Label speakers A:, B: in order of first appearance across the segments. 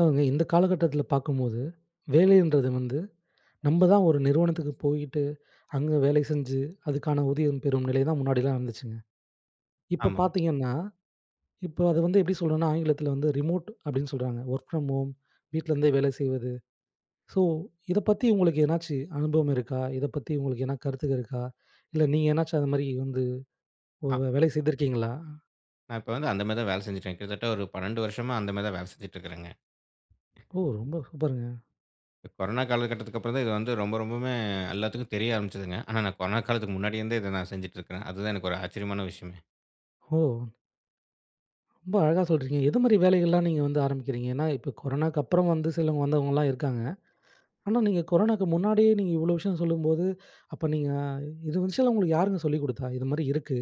A: அதாங்க இந்த காலகட்டத்துல பார்க்கும்போது, வேலைன்றது வந்து நம்ப தான் ஒரு நிறுவனத்துக்கு போயிட்டு, அங்க வேலை செஞ்சு, அதுக்கான ஊதியம் பெறும் நிலை தான் முன்னாடிலாம் இருந்துச்சுங்க. இப்ப
B: ஆமாங்க.
A: பார்த்தீங்கன்னா இப்போ அத வந்து எப்படி சொல்றோன்னா ஆங்கிலத்துல வந்து, "ரிமோட்" அப்படின்னு சொல்றாங்க. ஒர்க் ஃப்ரம் ஹோம், வீட்லருந்தே வேலை செய்வது. ஸோ, இதப்பத்தி உங்களுக்கு எதனாச்சி அனுபவம் இருக்கா? இதப்பத்தி உங்களுக்கு எதனா கருத்துக இருக்கா? இல்ல நீங்க எதனாச்சும் அந்தமாரி வந்து ஓ!
B: அ
A: வே வேலை செய்துருக்கீங்களா?
B: நான் இப்ப வந்து அந்த மாதிரி தான் வேலை செஞ்சுடுருக்கேன். கிட்டத்தட்ட ஒரு 12 வருஷமா அந்த மாதிரி தான் வேல செஞ்சுட்டுருக்கிறேங்க.
A: ஓ! ரொம்ப சூப்பருங்க.
B: இப்ப கொரோனா காலகட்டத்துக்கு அப்புறம் தான் இது வந்து ரொம்ப, ரொம்பவுமே எல்லாத்துக்கும் தெரிய ஆரம்பிச்சதுங்க. ஆனா நான் கொரோனா காலத்துக்கு முன்னாடி இருந்தே இத நான் செஞ்சுட்டிருக்குறேன். அதுதான் எனக்கு ஒரு ஆச்சரியமான விஷயம்ங்க.
A: ஓ! ரொம்ப அழகா சொல்ட்டுறீங்க. எது மாதிரி வேலைகள்லாம் நீங்க வந்து ஆரம்பிக்கிறீங்க? ஏன்னா இப்ப, கொரோனாவுக்கப்புறம் வந்து சிலவங்க வந்தவங்கலாம் இருக்காங்க. ஆனா நீங்க கொரோனாக்கு முன்னாடியே நீங்க இவ்வளோ விஷயம் சொல்லும்போது, அப்ப நீங்க இது விஷயம்லாம் உங்களுக்கு யாருங்க சொல்லிக்குடுத்தா? "இது மாரி இருக்கு.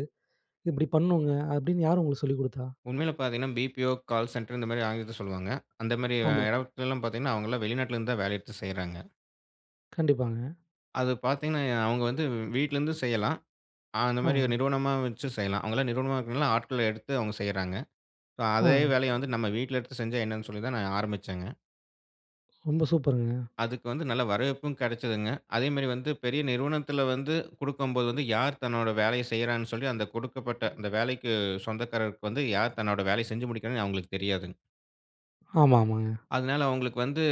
A: இப்படி பண்ணணுங்க." அப்படின்னு யார் உங்களுக்கு சொல்லிக்குடுத்தா?
B: உண்மைல பார்த்தீங்கன்னா, பிபிஓ, கால் சென்டர் இந்த மாதிரி ஆங்கிலத்துல சொல்வாங்க. அந்த மாரி அ
A: ஆமாங்க.
B: இடத்துல்லாம் பார்த்தீங்கன்னா, அவங்கள்லாம் வெளிநாட்டுல இருந்து தான் வேலை எடுத்து செய்றாங்க.
A: கண்டிப்பாங்க.
B: அது பார்த்தீங்கன்னா எ அவங்க வந்து வீட்டிலிருந்து செய்யலாம். அ அந்த
A: ஆ.
B: மாரி ஒரு நிறுவனமா வச்சும் செய்யலாம். அவங்கல்லாம் நிறுவனமா வைக்கறனால, ஆட்கள எடுத்து அவங்க செய்றாங்க. இப்ப
A: ஆ.
B: அதே வேலைய வந்து நம்ம வீட்ல எடுத்து செஞ்சா என்னன்னு சொல்லி தான் நான் ஆரம்பிச்சேன்ங்க.
A: ரொம்ப சூப்பருங்க.
B: அதுக்கு வந்து நல்ல வரவேற்பும் கெடைச்சதுங்க. அதே மாரி வந்து பெரிய நிறுவனத்தில வந்து குடுக்கும்போது, யார் தன்னோட வேலைய செய்றான்னு சொல்லி, அந்த குடுக்கப்பட்ட அந்த வேலைக்கு சொந்தக்காரர்க்கு வந்து, யார் தன்னோட வேலைய செஞ்சு முடிக்கிறான்னு அவுங்களுக்கு தெரியாதுங்க.
A: ஆமா, ஆமாங்க.
B: அதனால அவங்களுக்கு வந்து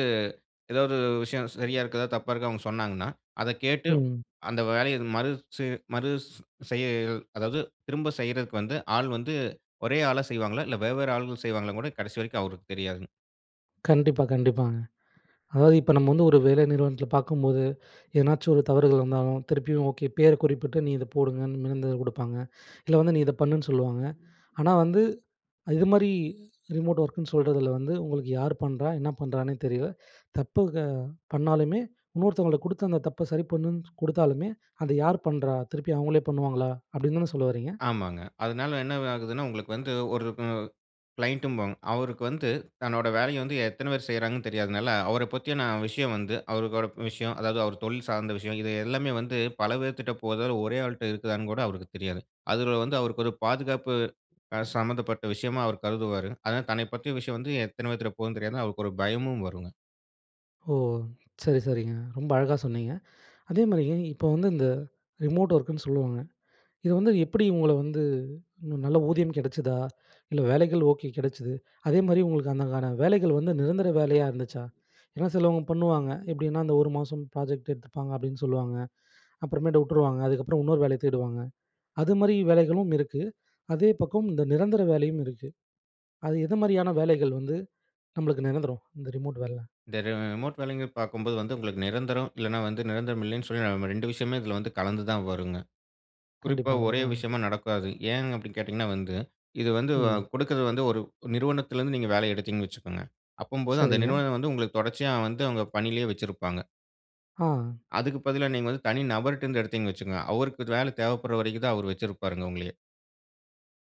B: எதாவது விஷயம் சரியா இருக்குதா? தப்பா இருக்கா? அவங்க சொன்னாங்கனா, அத கேட்டு
A: ம்.
B: அந்த வேலைய மறு சு மறுஸ் செய்ய அதாவது திரும்ப செய்றதக்கு வந்து, ஆள் வந்து ஒரே ஆளா செய்வாங்களா? இல்ல வெவ்வேறு ஆள்கள் செய்வாங்களான்னு கூட, கடைசி வரைக்கும் அவருக்கு தெரியாதுங்க.
A: கண்டிப்பா, கண்டிப்பாங்க. அதாவது இப்ப நம்ம வந்து ஒரு வேலை நிறுவனத்தில பார்க்கும்போது, எதனாச்சும் ஒரு தவறுகள் வந்தாலும், திருப்பியும் ஓகே, பேர் குறிப்பிட்டு நீ இத போடுங்கன்னு [unintelligible] குடுப்பாங்க. இல்ல வந்து நீ இத பண்ணுன்னு சொல்லுவாங்க. ஆனா வந்து அ இதுமாதிரி ரிமோட் ஒர்க்குன்னு சொல்றதில வந்து, "உங்களுக்கு யார் பண்றா? என்னா பண்ணுறான்னே தெரியல. தப்பு க பண்ணாலுமே, இன்னொருத்தவங்களுக்கு குடுத்து அந்த தப்ப சரி பண்ணுன்னு குடுத்தாலுமே, அத யார் பண்றா? திருப்பி அவங்களே பண்ணுவாங்களா?" அப்படின்னு தானே சொல்ல வர்றீங்க?
B: ஆமாங்க. அதனால என்ன இது ஆகுதுன்னா, உங்களுக்கு வந்து ஒரு க க்ளைண்ட்ம்போம். அவருக்கு வந்து தன்னோட வேலைய வந்து எத்தனை பேர் செய்கிறாங்கன்னு தெரியாதனால, அவர பத்தியான விஷயம் வந்து அவரோட விஷயம் அதாவது அவர் தொழில் சார்ந்த விஷயம், இது எல்லாமே வந்து பல பேர்க்கிட்ட போதா? ஒரே ஆள்ட்ட இருக்குதான்னு கூட அவருக்கு தெரியாதுங்க. அதில வந்து அவருக்கு ஒரு பாதுகாப்பு அ சம்மந்தப்பட்ட விஷயமா அவர் கருதுவாரு. அதனால தன்னைப் பற்றிய விஷயம் வந்து எத்தன பேத்துட்ட போகுதுன்னு தெரியாம, அவருக்கு ஒரு பயமும் வரும்ங்க.
A: ஓ! சரி, சரிங்க. ரொம்ப அழகா சொன்னீங்க. அதேமாரிங்க, இப்ப வந்து, இந்த ரிமோட் வொர்க் னு சொல்லுவாங்க. இது வந்து எப்படி, உங்கள வந்து இன்னும் நல்ல ஊதியம் கெடச்சதா? இல்ல, வேலைகள் ஓகே கிடச்சது. அதேமாரி, உங்களுக்கு அதுக்கான வேலைகள் வந்து, நிரந்தர வேலையா இருந்துச்சா? ஏன்னா, சிலபேர் பண்ணுவாங்க, எப்டின்னா, அந்த ஒரு மாசம் ப்ராஜெக்ட் எடுத்துப்பாங்க, அப்டின்னு சொல்லுவாங்க. அப்புறமேட்டு விட்டுருவாங்க. அதுக்கப்புறம், இன்னொரு வேலைய தேடுவாங்க. அது மாரி, வேலைகளும் இருக்கு. அதே பக்கம், இந்த நிரந்தர வேலையும் இருக்கு. அது எது மாரியான வேலைகள் வந்து நம்மளுக்கு நிரந்தரம்? இந்த ரிமோட் வேலைல?
B: இந்த ரி ரிமோட் வேலைங்கறது, பார்க்கும்போது வந்து, உங்களுக்கு நிரந்தரம். இல்லைனா வந்து, நிரந்தரம் இல்லைன்னு சொல்லி, நம்ம 2 விஷயமே இதுல வந்து, கலந்து தான் வருங்க. குறிப்பா,
A: கண்டிப்பாங்க.
B: ஒரே
A: அ.
B: விஷயமா நடக்காது. ஏன் அப்டின்னு கேட்டீங்கன்னா வந்து, இது வந்து, அ
A: ம்.
B: குடுக்கறது வந்து, ஒரு நிறுவனத்திலிருந்து நீங்க வேலை எடுத்தீங்கன்னு வச்சுக்கங்க, அப்படீங்கம்போது அந்த
A: சரிங்க.
B: நிறுவன வந்து, உங்களுக்கு தொடர்ச்சியா வந்து, அவுங்க பணியிலயே வச்சிருப்பாங்க.
A: ஆ.
B: அதுக்கு பதிலா, நீங்க வந்து, தனி நபர்டுருந்து எடுத்தீங்கன்னு வச்சுக்கங்க. அவருக்கு இது வேலை தேவைப்படுற வரைக்கும் தான், அவரு வச்சிருப்பாருங்க, உங்களையே.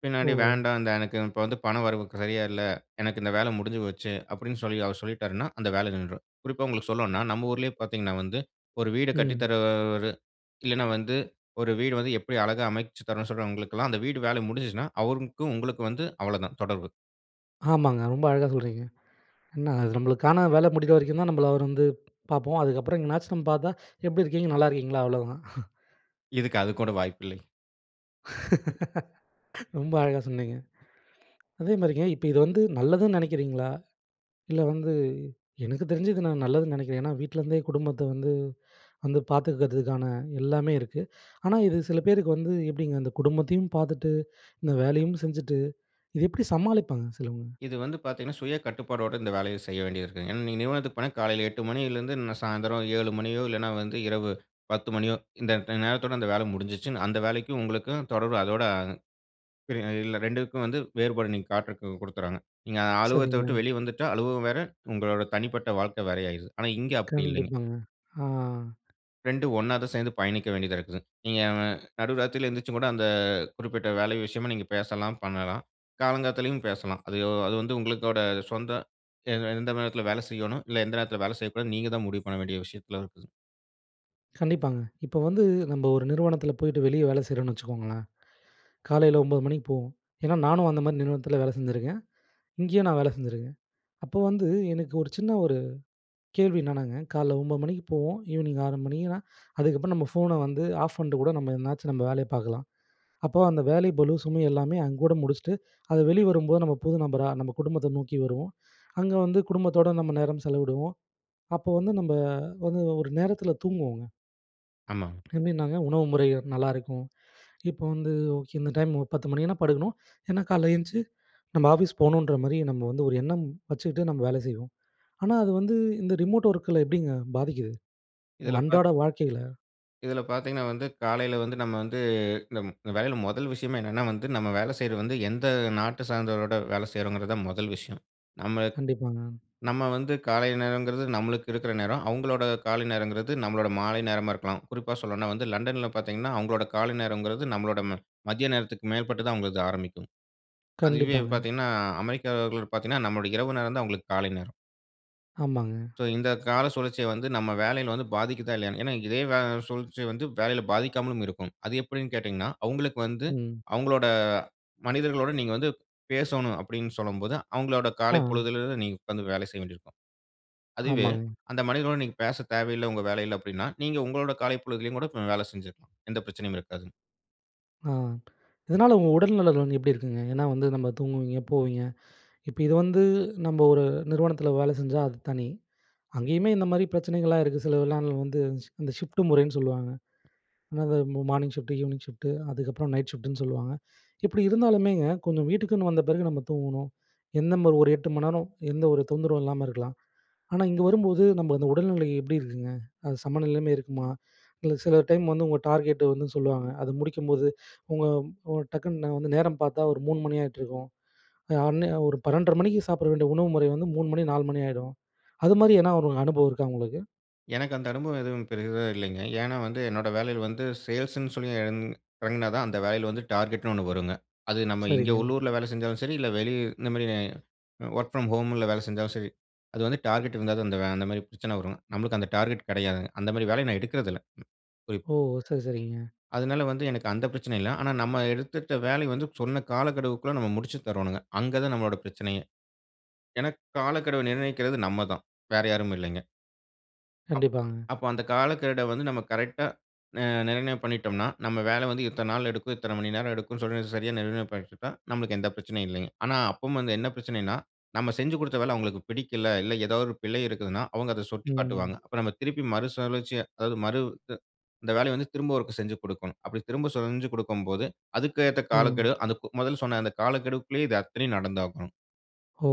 B: பின்னாடி
A: ஓ!
B: வேண்டாம். த எனக்கு இப்ப வந்து பணம் வரவு க சரியா இல்ல. எனக்கு இந்த வேலை முடிஞ்சுபோச்சு, அப்டீன்னு சொல்லி, அவர் சொல்லிட்டாருன்னா, அந்த வேலை நின்றும். குறிப்பா, உங்களுக்கு சொல்லோணும்னா, நம்ம ஊரிலயே பார்த்தீங்கன்னா, வந்து ஒரு வீட கட்டித்
A: ம்.
B: தரவரு இல்லன்னா, வந்து ஒரு வீடு வந்து, எப்பிடி அழகா அமைச்சுத் தரணும்னு சொல்றவர்களுக்கெல்லாம், அந்த வீடு வேலை முடிஞ்சுச்சுன்னா, அவருக்கும் உங்களுக்கும் வந்து அவ்வள தான், தொடர்பு.
A: ஆமாங்க. ரொம்ப அழகா சொல்றீங்க. என்ன, அது நம்மளுக்கான வேலை முடியிற வரைக்கும் தான், நம்மள அவரு வந்து பார்ப்போம். அதுக்கப்புறம் எங்கனாச்சும் நம்ம பார்த்தா, எப்படி இருக்கீங்க? நல்லா இருக்கீங்களா? அவ்ளோதான்.
B: இதுக்கு, அது கூட வாய்ப்பு இல்லைங்.
A: ரொம்ப அழகா சொன்னீங்க. அதேமாரிங்க இப்ப இது வந்து நல்லதுன்னு நினைக்கிறீங்களா? இல்ல வந்து, எனக்கு தெரிஞ்சு, இது நான் நல்லதுன்னு நினைக்கிறேன். ஏன்னா வீட்லேருந்தே குடும்பத்த வந்து வந்து பார்த்துக்கிறதுக்கான எல்லாமே இருக்கு. ஆனா இது சில பேருக்கு வந்து எப்படிங்க, இந்த குடும்பத்தையும் பார்த்துட்டு, இந்த வேலையும் செஞ்சுட்டு, இது எப்படி சமாளிப்பாங்க சிலவங்க?
B: இது வந்து பார்த்தீங்கன்னா, சுய கட்டுப்பாடோட இந்த வேலைய செய்ய வேண்டியது இருக்கு. ஏன்னா, நீங்க நிறுவனத்துக்கு போனா, காலையில 8:00 மணியிலேருந்து ந சாயந்தரம் 7:00 மணியோ, இல்லனா வந்து இரவு 10:00 மணியோ, இந்த ட நேரத்தோடு அந்த வேலை முடிஞ்சுச்சு. அந்த வேலைக்கும் உங்களுக்கும் தொடர்பு அதோட அ இல்ல, ரெண்டுக்கும் வந்து வேறுபாடு நீங்க காட்டறதுக்கு கொடுக்குறாங்க. நீங்க அலுவகத்த விட்டு
A: சரிங்க.
B: வெளியே வந்துட்டா அலுவலகம் வேற, உங்களோட தனிப்பட்ட வாழ்க்கை, வேற ஆயிடுது. ஆனா இங்கே அப்படி இல்லீங்க.
A: கண்டிப்பாங்க, ஆ.
B: 2ம், ஒண்ணா தான் சேர்ந்து பயணிக்க வேண்டியதா இருக்குது. நீங்க நடு ராத்திரியில எந்திரிச்சு கூட அந்த குறிப்பிட்ட வேல விஷயமா நீங்க பேசலாம், பண்ணலாம். காலங்காத்தாலயும் பேசலாம். அது அது வந்து உங்களோட சொந்த எந்த நேரத்துல வேலை செய்யணும், இல்ல எந்த நேரத்தில வேலை செய்யக்கூடாதுன்னு. நீங்க தான் முடிவு பண்ண வேண்டிய விஷயத்துல இருக்கு.
A: கண்டிப்பாங்க. இப்போ வந்து நம்ப ஒரு நிறுவனத்துல போயிட்டு வெளியே வேலை செய்றோம்னு வச்சுக்கோங்களேன். காலையில 9:00 மணிக்கு போவோம். ஏன்னா, நானும் அந்தமாதிரி நிறுவனத்துல வேலை செஞ்சுருக்கேன். இங்கயும் நான் வேலை செஞ்சுருக்கேன். அப்போ வந்து எனக்கு ஒரு சின்ன ஒரு கேள்வி என்னனாங்க, காலையில 9:00 மணிக்கு போவோம். ஈவ்னிங் 6:00 மணினா, அதுக்கப்புறம் நம்ம ஃபோன வந்து ஆஃப் பண்ணிட்டு கூட, நம்ம எதனாச்சும் நம்ம வேலைய பார்க்கலாம். அப்போ அந்த வேலை பளு, சுமை எல்லாமே அங்கோட முடிச்சுட்டு, அத வெளிவரும்போது நம்ம புது நபரா, நம்ம குடும்பத்த நோக்கி வருவோம். அங்க வந்து குடும்பத்தோடு நம்ம நேரம் செலவிடுவோம். அப்போ வந்து நம்ம வந்து ஒரு நேரத்துல தூங்குவோங்க.
B: ஆமாங்.
A: எப்டினாங்க, உணவு முறைகள் நல்லா இருக்கும். இப்ப வந்து, ஓகே இந்த டைம் ஒரு 10:00 மணின்னா படுக்கணும். ஏன்னா காலையில் எழுந்து, நம்ம ஆஃபிஸ் போகணுன்ற மாரி நம்ம வந்து ஒரு எண்ணம் வச்சுக்கிட்டு, நம்ம வேலை செய்வோம். ஆனா அது வந்து, இந்த ரிமோட் ஒர்க்குல எப்படிங்க பாதிக்குது? உங்க
B: இதுல பார்த்
A: அன்றாட வாழ்க்கையில.
B: இதுல பார்த்தீங்கனா வந்து, காலையில வந்து நம்ம வந்து நம் வேலையில முதல் விஷயமே என்னன்னா வந்து, நம்ம வேல செய்றது வந்து எந்த நாட்ட சார்ந்தவரோட வேல செய்றோங்கறது தான் முதல் விஷயம். நம்ம
A: கண்டிப்பாங்க.
B: நம்ம வந்து காலை நேரங்கறது நம்மளுக்கு இருக்கிற நேரம். அவங்களோட கால நேரங்கறது நம்முடைய மாலை நேரமா இருக்கலாம். குறிப்பா சொல்லணும்னா வந்து லண்டன்ல பார்த்தீங்கனா அவங்களோட காலை நேரங்கறது நம்மளோட ம மதிய நேரத்துக்கு மேற்பட்டு தான் அவுங்கள்து ஆரம்பிக்கும். அதுவே
A: கண்டிப்பாங்க.
B: பார்த்தீங்கனா அமெரிக்கர்கள் பார்த்தீங்கனா, நம்முடைய இரவு நேரம் தான் அவங்களுக்கு காலை நேரம்.
A: ஆமாங்க.
B: சோ இந்த கால சுழற்சிய வந்து, நம்ம வேலையில வந்து பாதிக்கிதா இல்லையானு ஏன்னா இதே வ சுழற்சி வந்து வேலையில பாதிக்காமலும் இருக்கும். அது எப்படினு கேட்டீங்கனா, அவங்களுக்கு வந்து,
A: ம்.
B: அவங்களோட மனிதர்களோடு நீங்க வந்து பேசணும் அப்படினு சொல்லும்போது, அவங்களோட காலை
A: அ.
B: பொழுதுல இருந்து நீங்க உட்கார்ந்து வேல செய்ய வேண்டி இருக்கும். அதுவே
A: ஆமாங்க.
B: அந்த மனிதனுடன் நீங்க பேச தேவையில்ல உங்க வேலையில அப்படினா, நீங்க உங்களுடைய காலை பொழுதிலும் கூட வேல செஞ்சிக்கலாம். எந்த பிரச்சனையும் இருக்காது.
A: ஆ. இதனால உங்க உடல் நலன் வந்து எப்படி இருக்குங்க? ஏன்னா வந்து, நம்ம தூங்குவீங்க, போவீங்க. இப்ப இது வந்து நம்ப ஒரு நிறுவனத்தில வேலை செஞ்சா அது தனி. அங்கேயுமே இந்த மாரி பிரச்சனைகள்லாம் இருக்கு. சிலதுலாம் அதுல வந்து சி இந்த ஷிஃப்ட் முறைன்னு சொல்லுவாங்க. ஆனா அது மா மார்னிங் ஷிஃப்ட்டு, ஈவினிங் ஷிஃப்ட், அதுக்கப்புறம் நைட் ஷிஃப்ட்ன்னு சொல்லுவாங்க. இப்படி இருந்தாலுமேங்க கொஞ்சம் வீட்டுக்குன்னு வந்த பிறகு நம்ம தூங்கணும். என்ன நம்ப ஒரு 8 மணிநேரம் எந்த ஒரு தொந்தரவும் இல்லாம இருக்கலாம். ஆனா, இங்க வரும்போது நம்ம அந்த உடல்நிலை எப்படி இருக்குங்க, அது சமநிலைமை இருக்குமா? இல்லை சில டைம் வந்து உங்க டார்கெட் வந்து சொல்லுவாங்க. அதை முடிக்கும்போது உங்க உங்க டக்குன்னு வந்து நேரம் பார்த்தா ஒரு 3 மணி ஆயிட்டுருக்கும். அந்நே ஒரு 12 1/2 மணிக்கு சாப்பிட வேண்டிய உணவு முறை வந்து 3 மணி 4 மணி ஆயிடும். அதுமாரி எதுனா ஒரு அனுபவம் இருக்கா உங்களுக்கு?
B: எனக்கு அந்த அனுபவம் எதுவும் பெரிதா இல்லைங்க. ஏன்னா வந்து, என்னோட வேலையில வந்து சேல்ஸ்சு ன்னு சொல்லி இறங் இறங்கினா தான் அந்த வேலையில வந்து டார்கெட்ன்னு ஒண்ணு வருங்க. அது நம்ம இங்க
A: சரிங்க.
B: உள்ளூர்ல வேலை செஞ்சாலும் சரி, இல்லை வெளி இந்த மாரி அ ஒர்க் ஃப்ரம் ஹோம்ல வேலை செஞ்சாலும் சரி, அது வந்து டார்கெட் இருந்தா தான் அந்த வே அந்த மாரி பிரச்சனை வரும். நம்பளுக்கு அந்த டார்கெட் கெடையாது. அந்த மாதிரி வேலையை நான் எடுக்கிறதில்லை. குறிப்
A: ஓ! சரி சரிங்க.
B: அதனால வந்து எனக்கு அந்த பிரச்சனை இல்லை. ஆனா நம்ம எடுத்துட்ட வேலையை வந்து சொன்ன காலக்கெடுவுக்குள்ள நம்ம முடிச்சு தரோணும்ங்க. அங்க தான் நம்மளோட பிரச்சனையே. எனக்கு காலக்கெடுவை நிர்ணயிக்கிறது நம்ம தான் வேற யாரும் இல்லைங்க. அப்
A: கண்டிப்பாங்க.
B: அப்ப அந்த காலக்கெட வந்து நம்ம கரெக்டா, நி நிர்ணயம் பண்ணிட்டம்னா, நம்ப வேல வந்து இத்தன நாள் எடுக்கும், இத்தன மணி நேரம் எடுக்கும்னு சொல்லி, சரியா நிர்ணயம் பண்ணிட்டா நம்மளுக்கு எந்த பிரச்சனையும் இல்லீங்க. ஆனா, அப்பவும் வந்து, என்ன பிரச்சனைனா, நம்ப செஞ்சு குடுத்த வேல அவங்களுக்கு பிடிக்கல. இல்ல, ஏதாவது ஒரு பிழை இருக்குதுனா, அவங்க அத சுட்டிக்
A: ம்.
B: காட்டுவாங்க. அப்ப நம்ப திருப்பி மறுசுழற்சியா அதாவது மறு து இந்த வேலையை வந்து திரும்ப ஒருக்க செஞ்சி கொடுக்கணும். அப்படி திரும்ப செஞ்சி குடுக்கும்போது, அதுக்கு ஏத்த
A: ம்.
B: காலக்கெடு, அதுக்கு முதல்ல சொன்ன அந்த காலக்கெடுக்குள்ளயே இது அத்தனையும் நடந்தாகனும்.
A: ஓ!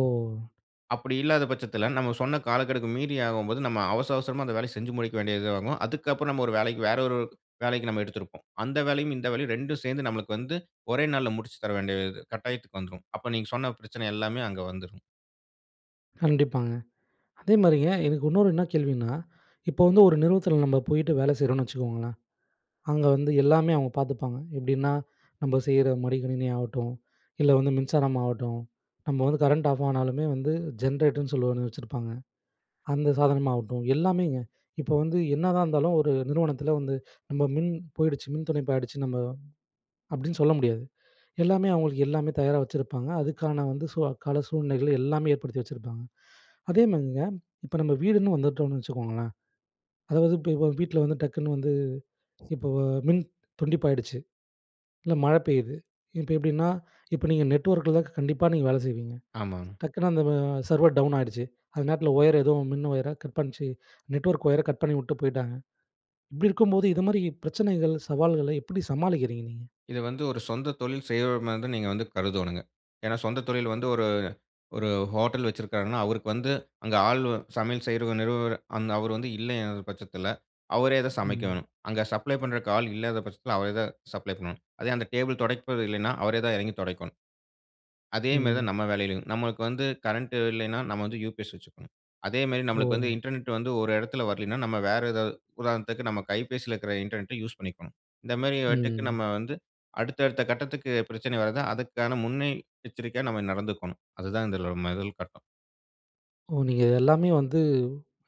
B: அப்படி இல்லாத பட்சத்துல, நம்ப சொன்ன காலக்கெடுக்கு மீறி ஆகும்போது, நம்ப அவசர அவசரமா அந்த வேலைய செஞ்சி முடிக்க வேண்டியது ஆகும். அதுக்கு அப்புறம் நம்ப 1 வேலைக்கு வேறு 1 வேலைக்கு நம்ப எடுத்திருப்போம். அந்த வேலையும், இந்த வேலையும் 2ம் சேர்ந்து நம்மளுக்கு வந்து ஒரே நாளுல முடிச்சு தர வேண்டிய து கட்டாயத்துக்கு வந்துரும். அப்ப நீங்க சொன்ன பிரச்சனை எல்லாமே அங்க வந்துரும்.
A: கண்டிப்பாங்க. அதேமாரிங்க, எனக்கு இன்னொரு என்ன கேள்வினா, இப்ப வந்து ஒரு நிறுவனத்துல நம்ப போயிட்டு வேலை செய்யுறோம்னு வச்சுக்கோங்களேன், அங்க வந்து எல்லாமே அவங்க பாத்துப்பாங்க. எப்படின்னா, நம்ப செய்யுற மடி கணினி ஆகட்டும் இல்ல, வந்து மின்சாரம் ஆகட்டும், நம்ப வந்து கரண்ட் ஆஃப் ஆனாலுமே வந்து ஜென்ரேட்டர் ன்னு சொல்லி ஒண்ணு வச்சிருப்பாங்க. அந்த சாதனமா ஆகட்டும், எல்லாமேங்க! இப்ப வந்து என்னதான் இருந்தாலும், ஒரு நிறுவனத்துல வந்து நம்ப மின் போயிடுச்சு, மின் துண்டிப்பு ஆயிடுச்சு, நம்ப அப்படின்னு சொல்ல முடியாது. எல்லாமே அவங்களுக்கு எல்லாமே தயாரா வச்சிருப்பாங்க. அதுக்கான வந்து சூ அக்கால சூழ்நிலைகள் எல்லாமே ஏற்படுத்தி வச்சிருப்பாங்க. அதேமாதிரிங்க, இப்ப நம்ப வீடுன்னு வந்துட்டோம்னு வச்சுக்கோங்களேன். அதாவது இப்ப இப்ப வீட்டுல வந்து டக்குன்னு வந்து இப்போ, அ மின் துண்டிப்பாயிடுச்சு. இல்ல, மழை பெய்யுது. இப்ப எப்படின்னா இப்ப நீங்க, நெட்வொர்க் ல கண்டிப்பா நீங்க வேலை செய்வீங்க.
B: ஆமாங்.
A: டக்குனு அந்த அ சர்வர் டவுன் ஆயிடுச்சு, அந்த நேரத்துல ஒயர் ஏதோ மின் ஒயரா கட் பண்ணுச்சு. நெட்வொர்க் ஒயரை கட் பண்ணிவுட்டு போய்ட்டாங்க. இப்படி இருக்கும்போது இது மாரி பிரச்சனைகள், சவால்கள எப்படி சமாளிக்கிறீங்க நீங்க?
B: இத வந்து ஒரு சொந்த தொழில் செய்றவர்மாரி தான் நீங்க வந்து கருதோனுங்க. ஏன்னா, சொந்த தொழில் வந்து ஒரு ஒரு ஹோட்டல் வச்சிருக்காருனா, அவருக்கு வந்து, அங்க ஆள் சமையல் செய்யுற நிறுவர அந்த அவர் வந்து இல்லங்குற பட்சத்துல, அவரே தான்
A: ம்.
B: சமைக்கணும். அங்க சப்ளை பண்றக்கு ஆள் இல்லாத பட்சத்துல, அவரே தான், சப்ளை பண்ணணும். அதே அந்த டேபிள் துடைப்பது இல்லன்னா, அவரே தான் இறங்கி துடைக்கணும். அதே மாதிரி தான்
A: ம்.
B: நம்ப வேலையிலயும், நமக்கு வந்து கரண்ட் இல்லன்னா, நம்ம வந்து யுபிஎஸ் வச்சுக்கணும். அதேமாரி நமக்கு வந்து
A: ஓ!
B: இன்டர்நெட் வந்து ஒரு இடத்துல வரலனா, நம்ப வேற ஏதாவது உதாரணத்துக்கு நம்ம கைபேசில இருக்குற இன்டர்நெட், யூஸ் பண்ணிக்கணும். இந்த மாதிரி வட்டுக்கு
A: ம்.
B: நம்ப வந்து, அடுத்த அடுத்த கட்டத்துக்கு பிரச்சனை வருது, அதுக்கான முன்னெ எச்சரிக்கையா நம்ப நடந்துக்கணும். அதுதான் இதுல முதல் கட்டம்.
A: ஓ! நீங்க எல்லாமே வந்து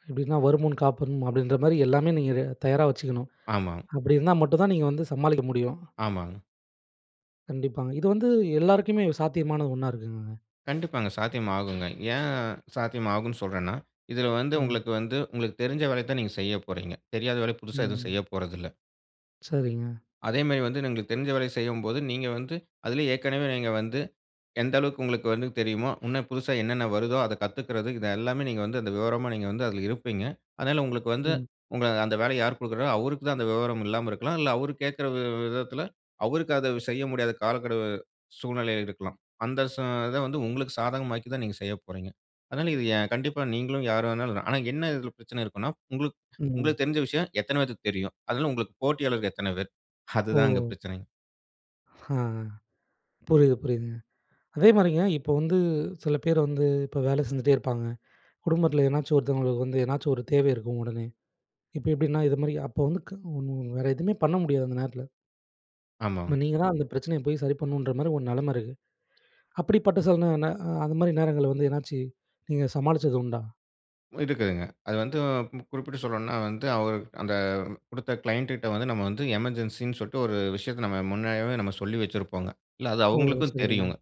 A: எப்படின்னா, வருமுன் காக்கணும் அப்படின்ற மாரி எல்லாமே, நீங்க ரெ தயாரா வச்சுக்கணும்.
B: ஆமாங்.
A: அப்படி இருந்தா மட்டும் தான் நீங்க வந்து சமாளிக்க முடியும்.
B: ஆமாங்.
A: கண்டிப்பாங்க, இது வந்து எல்லாருக்குமே சாத்தியமான ஒண்ணா இருக்குங்ளாங்க?
B: கண்டிப்பாங்க சாத்தியம் ஆகுங்க. ஏன் சாத்தியம் ஆகும்னு சொல்றன்னா, இதுல வந்து,
A: ம்.
B: உங்களுக்கு வந்து, உங்களுக்கு தெரிஞ்ச வேலைய தான் நீங்க செய்ய போறீங்க. தெரியாத வேலை புதுசா எதுவும்
A: ம்.
B: செய்யப்போறதில்ல.
A: சரிங்க.
B: அதே மாரி வந்து உங்களுக்கு தெரிஞ்ச வேல செய்யும்போது, நீங்க வந்து, அதிலே ஏற்கனவே நீங்க வந்து, எந்த அளவுக்கு உங்களுக்கு வந்து தெரியுமோ, இன்னும் புதுசா என்னென்ன வருதோ, அத கத்துக்கறது, இது எல்லாமே, நீங்க வந்து அந்த விவரமா, நீங்க வந்து அதில இருப்பீங்க. அதனால உங்களுக்கு வந்து,
A: ம்.
B: உங்க அந்த வேலைய யார் கொடுக்கிறாங்களோ அவருக்கு தான் அந்த விவரம் இல்லாம இருக்கலாம். இல்ல அவர் கேட்கிற வி வி விதத்துல அவருக்கு அத செய்ய முடியாத காலக்கெடு, சூழ்நிலை இருக்கலாம். அந்த சூ இத வந்து உங்களுக்கு சாதகமாக்கி தான், நீங்க செய்ய போறீங்க. அதனால இது எ கண்டிப்பா நீங்களும், யார் வேண்னாலும் ஆனா என்ன இதில பிரச்சனை இருக்கும்ன்னா, உங்களுக்கு
A: ம்.
B: உங்களுக்கு தெரிஞ்ச விஷயம், எத்தன பேத்துக்கு தெரியும்? அதுல உங்களுக்கு போட்டியாளர் எத்தன பேர்? அதுதான் அங்க
A: ஓ!
B: பிரச்சனைங்.
A: ஆ! புரியுது புரியுதுங்க. அதேமாதிரிங்க இப்ப வந்து சில பேர் வந்து, இப்ப வேலை செஞ்சுட்டே இருப்பாங்க. குடும்பத்துல ஏதனாச்சும் ஒருத்தவங்களுக்கு வந்து, ஏதனாச்சும் ஒரு தேவை இருக்கும் உடனே. இப்ப எப்படின்னா, இது மாதிரி அப்ப வந்து கவுன் வேற எதுவுமே பண்ண முடியாது அந்த நேரத்துல.
B: ஆமாங்.
A: இப்ப நீங்க தான் அந்த பிரச்சனைய போய் சரி பண்ணணுன்ற மாதிரி ஒரு நிலைம இருக்கு. அப்படிப்பட்ட சில நேரங்கள்ல அ அந்த மாதிரி நேரங்கள்ல வந்து ஏதனாச்சு, நீங்க சமாளிச்சது உண்டா?
B: இருக்குதுங்க, அது வந்து குறிப்பிட்டு சொல்லணும்ன்னா வந்து, அவர் அந்த குடுத்த க்ளையண்ட்டுட்ட வந்து, நம்ம வந்து எமர்ஜென்ஸி ன்னு சொல்ட்டு, ஒரு விஷயத்த நம்ம முன்னமே, நம்ம சொல்லி வச்சிருப்போங்க. இல்ல அது
A: ஓ!
B: அவுங்களுக்கும்
A: சரிங்க,
B: தெரியுங்க.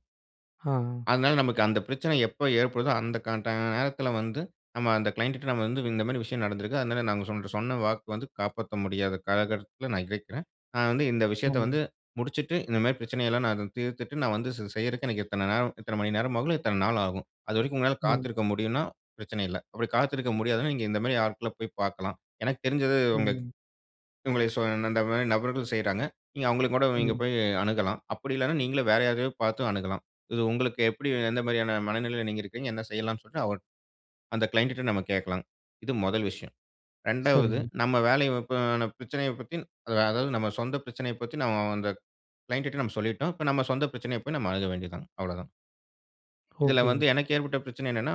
A: ஹா.
B: அதுனால நமக்கு அந்த பிரச்சனை எப்போ ஏற்படுதோ, அந்த க ட நேரத்துல வந்து, நம்ம அந்த க்ளையண்ட்டுட்ட நம்ம வந்து, இந்த மாரி விஷயம் நடந்திருக்கு. அதுனால, நாங்க சொன் சொன்ன வாக்கு வந்து, காப்பாத்த முடியாத காலகட்டத்துல நான் இருக்கேன். நான் வந்து இந்த விஷயத்த
A: ஆ.
B: வந்து, முடிச்சுட்டு இந்த மாரி பிரச்சனை எல்லாம், நான் அத தீர்த்துட்டு, நான் வந்து செ செய்றதுக்கு, எனக்கு இத்தனை நேரம் இத்தன மணி நேரம் ஆகும். இத்தனை நாள் ஆகும். அது வரைக்கும் உங்களால
A: ம்.
B: காத்திருக்க முடியுன்னா, பிரச்சனை இல்ல. அப்படி காத்திருக்க முடியாதுனா, நீங்க இந்த மாரி ஆட்கள போய் பாக்கலாம். எனக்கு தெரிஞ்சது, உங்களுக்கு
A: ம்.
B: உங்களுக் சொல் அந்த மாரி நபர்கள் செய்றாங்க. நீங்க அவுங்கள கூட நீங்க
A: ம்.
B: போய் அணுகலாம். அப்படி இல்லன்னா நீங்களே வேற யாரையாவது பாத்தும் அணுகலாம். இது உங்களுக்கு எப்படி, எந்த மாரியான மனநிலையில நீங்க இருக்கீங்க, என்ன செய்யலாம்ன்னு சொல்லிட்டு, அவர் அந்த க்ளையண்ட்டுட்ட நம்ம கேக்கலாம். இது 1 விஷயம். 2வது
A: சரி.
B: நம்ம வேலைய, இப்ப அந்த பிரச்சனயப் பத்தி அது அதாவது நம்ம சொந்த பிரச்சனையப் பத்தி, நம்ம அந்த க்ளையண்ட் டுட்ட நம்ம சொல்லிட்டோம். இப்போ நம்ம சொந்த பிரச்சனைய போய், நம்ம அணுக வேண்டியது தான். அவ்ளோதான். இதுல
A: ஓகே,
B: வந்து
A: ஓகே.
B: எனக்கு ஏற்பட்ட பிரச்சனை என்னென்ன,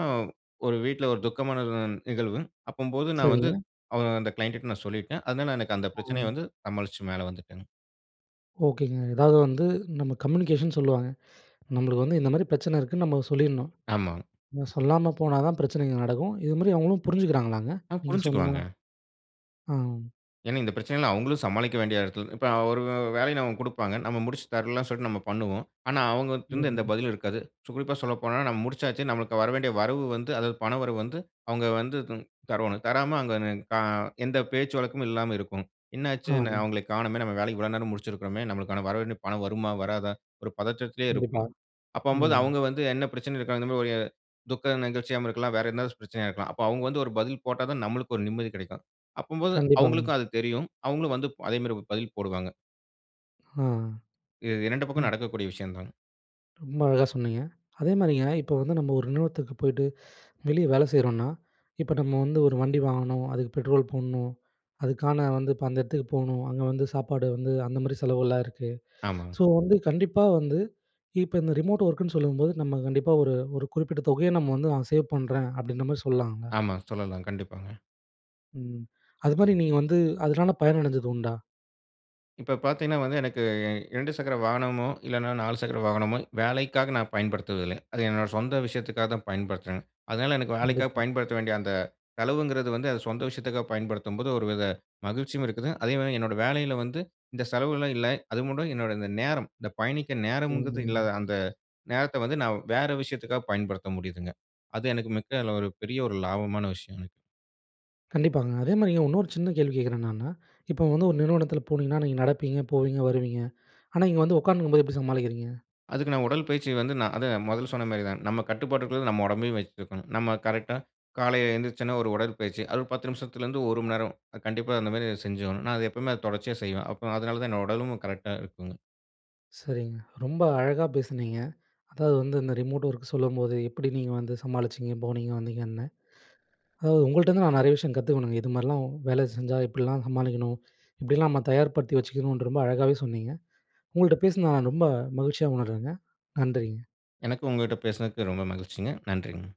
B: ஒரு வீட்ல ஒரு துக்கமான [unintelligible] நிகழ்வு. அப்படிம்போது நான் வந்து
A: சரிங்க.
B: அ அந்த கிளையண்டுட்ட நான் சொல்லிட்டேன். அதுனால எனக்கு அந்த
A: ஆ.
B: பிரச்சனைய வந்து, சமாளிச்சு மேலே வந்துட்டேங்க.
A: ஓகேங்க. அதாவது வந்து நம்ம கம்யூனிகேஷன் சொல்லுவாங்க. நம்மள வந்து இந்த மாரி பிரச்சனை இருக்குன்னு நம்ம சொல்லிரனும்.
B: ஆமாங்க.
A: நம்ம சொல்லாம போனா தான் பிரச்சனைங்க நடக்கும். இது மாதிரி அவங்களும் புரிஞ்சுக்கிறாங்களாங்க,
B: ஆ.
A: நீங்க சொன்னா?
B: புரிஞ்சுக்குவாங்க.
A: ஆ.
B: ஏன்னா, இந்த பிரச்சனைகளை அவுங்களும் சமாளிக்க வேண்டிய எடத்தில இப்ப அவரு வேலைய நமக்கு கொடுப்பாங்க. நம்ம முடிச்சு தர்லாம் சொல்லிட்டு நாம பண்ணுவோம். ஆனா அவுங்கட்டிருந்து எந்த
A: ம்.
B: பதிலும் இருக்காது. ஸோ குறிப்பா சொல்லப்போனா நாம முடிச்சாச்சு. நமக்கு வர வேண்டிய வரவு வந்து அதாவது பண வரவு வந்து அவங்க வந்து த தரவேணும், தராம அங்கே நி க எந்த பேச்சு வழக்கமும் இல்லாம இருக்கும். "என்ன ஆச்சு? இன்னும்
A: ஆம்.
B: அவுங்கள காணோமே, நம்ம வேலை இவ்வளவு நேரம் முடிச்சிருக்கிறோமே! நம்மளுக்கான வரவேண்டிய பணம் வருமா? வராதா?" ஒரு பதற்றத்திலேயே
A: கண்டிப்பா.
B: இருக்கும். அப்படினும்போது
A: ம்.
B: அவுங்க வந்து என்ன பிரச்சனையில இருக்காங்க இந்த மாரி ஒரு துக்க நிகழ்ச்சியாவும் இருக்கலாம், வேறு எதனாச்சும் பிரச்சனையா இருக்கலாம். அப்ப அவுங்க வந்து ஒரு பதில் போட்டா தான் நம்மளுக்கு ஒரு நிம்மதி கெடைக்கும். அப்படினும்போது
A: கண்டிப்பாங்க.
B: அவுங்களுக்கும் அது தெரியும். அவுங்களும் வந்து ப் அதே மாரி பதில் போடுவாங்க.
A: ஆ.
B: இது 2 பக்கமும்
A: ம்.
B: நடக்கக்கூடிய விஷயம் தாங்க.
A: ரொம்ப அழகா சொன்னிங்க. அதே மாதிரிங்க இப்போ வந்து நம்ம ஒரு நிறுவனத்துக்கு போய்ட்டு வெளியே வேலை செய்றோம்னா, இப்போ நம்ம வந்து ஒரு வண்டி வாங்கணும், அதுக்கு பெட்ரோல் போடணும், அதுக்கான வந்து, இப்போ அந்த இடத்துக்கு போணும். அங்க வந்து சாப்பாடு வந்து அந்த மாரி செலவுலாம் இருக்கு.
B: ஆமாங்க.
A: ஸோ வந்து கண்டிப்பா வந்து இப்ப இந்த ரிமோட் வொர்க்கு ன்னு சொல்லும்போது நம்ம கண்டிப்பா ஒரு, ஒரு குறிப்பிட்ட தொகைய நம்ம வந்து, "நான் சேவ் பண்றேன்." அப்படின்ற மாதிரி சொல்லாங்களா?
B: ஆமா, சொல்லலாம். கண்டிப்பாங்க.
A: ம். அது மாதிரி நீங்க வந்து அதனால பயன் அடைஞ்சது உண்டா?
B: இப்ப பார்த்தீங்கன்னா வந்து எனக்கு, 2 சக்கர வாகனமோ, இல்லன்னா 4 சக்கர வாகனமோ, வேலைக்காக நான் பயன்படுத்துவதில்லங்க. அது என்னோட சொந்த விஷயத்துக்காக தான் பயன்படுத்துறேன்ங்க. அதனால, எனக்கு வேலைக்காக
A: கண்டிப்பா.
B: பயன்படுத்த வேண்டிய அந்த செலவுங்கிறது வந்து, அது சொந்த விஷயத்துக்காக பயன்படுத்தும்போது ஒரு வித மகிழ்ச்சியும் இருக்குதுங்க. அதேமாரி என்னோட வேலையில வந்து இந்த செலவுகள்லாம் இல்ல. அதுமட்டும் என்னோட இந்த நேரம், இந்த பயணிக்கற
A: ம்.
B: நேரம்ங்கிறது
A: ம்.
B: இல்லாத அந்த நேரத்த வந்து நான் வேற விஷயத்துக்காக பயன்படுத்த முடியுதுங்க. அது எனக்கு மிக்க அதில ஒரு பெரிய ஒரு லாபமான விஷயங்க.
A: கண்டிப்பாங்க, அதேமாரி இன்னொரு சின்ன கேள்வி கேட்கிறேன் நானு. இப்போ வந்து ஒரு நிறுவனத்தில போனீங்கன்னா, நீங்க நடப்பீங்க, போவீங்க, வருவீங்க. ஆனா, இங்க வந்து உட்கார்ந்து இருக்கும் போது எப்படி சமாளிக்கிறீங்க?
B: அதுக்கு நான் உடல் பயிற்சி வந்து நா அத முதல்ல சொன்ன மாரி தான். நம்ம கட்டுப்பாட்டுக்குள்ள நம்ம உடம்பையும் வச்சி இருக்கணும். நம்ம கரெக்ட்டா காலையில எழுந்திருச்சோனே ஒரு உடல்பயிற்சி. அது ஒரு 10 நிமிசத்திலருந்து 1 மணி நேரம். கண்டிப்பா, அந்த மாரி செஞ்சாவணும். நான் அது எப்பவுமே தொடர்ச்சியா செய்வேன். அப்போ அதனால தான் என்னோட உடலும் கரெக்ட்டா இருக்குங்க.
A: சரிங்க, ரொம்ப அழகா பேசுனீங்க. அதாவது வந்து இந்த ரிமோட் ஒர்க் சொல்லும்போது, எப்படி நீங்க வந்து சமாளிச்சீங்க, போனீங்க, வந்தீங்கன்னு. அதாவது உங்கள்ட்ட இருந்து நான் நெறைய விஷயம் கத்துக்கணும். இது மாரிலாம் வேலை செஞ்சா இப்படில்லாம் சமாளிக்கணும். இப்படியெல்லாம் நம்ம தயார்படுத்தி வைச்சுக்கணுன்று ரொம்ப அழகாவே சொன்னீங்க. உங்கள்ட்ட பேசினதை நான் ரொம்ப மகிழ்ச்சியா உணர்றேங்க. நன்றிங்க.
B: எனக்கும் உங்ககிட்ட பேசுனதுக்கு ரொம்ப மகிழ்ச்சிங்க. நன்றிங்க.